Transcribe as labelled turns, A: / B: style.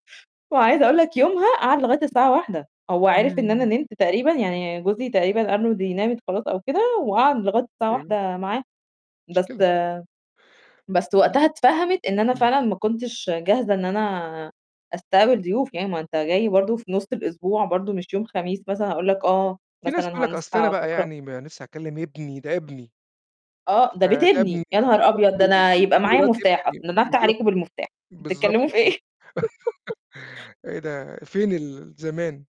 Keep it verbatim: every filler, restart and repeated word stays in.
A: وعايزة أقول لك يومها قعد لغاية الساعة واحدة هو عرف إن أنا
B: إمم.
A: نمت تقريبًا، يعني جوزي تقريبًا قال له دي نامت خلاص أو كده وقعد لغاية الساعة
B: أيوه.
A: واحدة معاه، بس
B: مشكلة.
A: بس
B: إمم،
A: وقتها اتفهمِت إن أنا
B: إمم،
A: فعلًا ما
B: إمم.
A: كنتش جاهزة إن أنا أستقبل ضيوف، يعني ما أنت جاي برضه في نُص الأسبوع برضه مش يوم خميس مثلًا هأقول لك: "آه
B: في ناس
A: مثلًا
B: بتقُول لك أصل أنا
A: هنصحى
B: بقى
A: بُكره."
B: يعني ما لِسّه هاكلم ابني، ده ابني.
A: آه ده بيت
B: فده ابني،
A: إبني يا نهار
B: ده
A: أبيض!
B: ابني
A: ده أنا
B: ودي
A: يبقى معايا
B: مرات
A: مفتاح أص
B: ابني،
A: ده أنا افتح
B: بالضبط
A: عليكم بالمفتاح،
B: بالضبط
A: بتتكلموا في
B: كده
A: إيه؟
B: إيه ده فين ال زمان.